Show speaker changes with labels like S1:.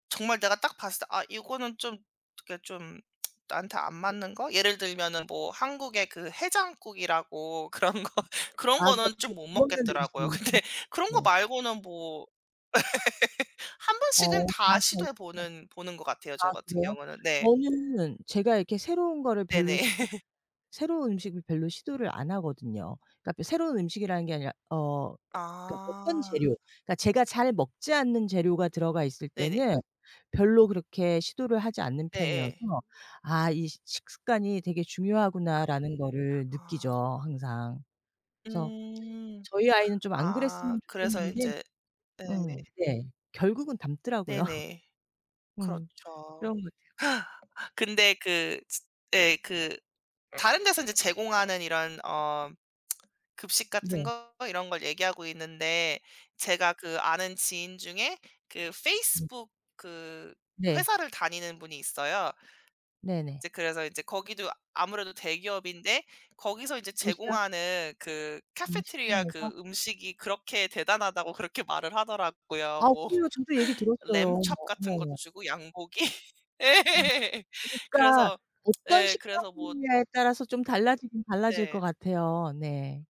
S1: 정말 내가 딱 봤을 때 '아 이거는 좀 그니까 좀 나한테 안
S2: 네.
S1: 맞는 거?' 예를 들면은 뭐 한국에 그 해장국이라고 그런 거
S2: 아
S1: 그런
S2: 그러니까
S1: 거는
S2: 잘
S1: 좀
S2: 못
S1: 못
S2: 먹는
S1: 먹겠더라고요.
S2: 음식이
S1: 근데
S2: [unintelligible]
S1: 그런 거
S2: 네.
S1: 말고는 뭐 1 번씩은
S2: 어.
S1: 다
S2: 자세 있어.
S1: 시도해 보는 보는 것 같아요
S2: 아
S1: 저 같은
S2: 그래요?
S1: 경우는. 네.
S2: 저는 제가 이렇게 새로운 거를 별로
S1: 네네.
S2: 시 [unintelligible] 새로운 음식을 별로 시도를 안 하거든요. 그러니까 바 새로운 음식이라는 게 아니라 어 그러니까 어떤
S1: 아.
S2: 재료 그러니까 제가 잘 먹지 않는 재료가 들어가 있을
S1: 네네.
S2: 때는 별로 그렇게 시도를 하지 않는
S1: 네.
S2: 편이어서
S1: 예.
S2: '아 이 시 식습관이 되게 중요하구나.'라는 거를
S1: 아.
S2: 느끼죠 항상. 그래서
S1: 음.
S2: 저희 아이는 좀 안
S1: 아.
S2: 그랬으면
S1: 그래서
S2: 좋겠는데
S1: 인제
S2: 음.
S1: 예.
S2: 네. 결국은 닮더라고요.
S1: 네네.
S2: 음. 그런
S1: 그렇죠.
S2: 것 같아요.
S1: 근데 그 지 예 그 다른 데서 인제 제공하는 이런 어 급식 같은
S2: 네.
S1: 거 이런 걸 얘기하고 있는데 제가 그 아는 지인 중에 그
S2: 네.
S1: 페이스북 그
S2: 네.
S1: 회사를 다니는 분이 있어요.
S2: 네네.
S1: 이제 그래서 인제 거기도 아무래도 대기업인데 거기서 이제
S2: 도시락?
S1: 제공하는 그 카페테리아 그
S2: 구내식당에서?
S1: 음식이 그렇게 대단하다고 그렇게 말을 하더라고요.
S2: 아
S1: 뭐
S2: 그래요. 저도 얘기 들었어요. 어머
S1: 램촙 같은 것도
S2: 어머머.
S1: 주고 양고기? 예.
S2: 엄. 그러니까
S1: 그래서
S2: 어떤
S1: 예. 그래서 뭐
S2: 식당이냐에 따라서 좀 달라지긴 달라질 것
S1: 네.
S2: 같아요. 네.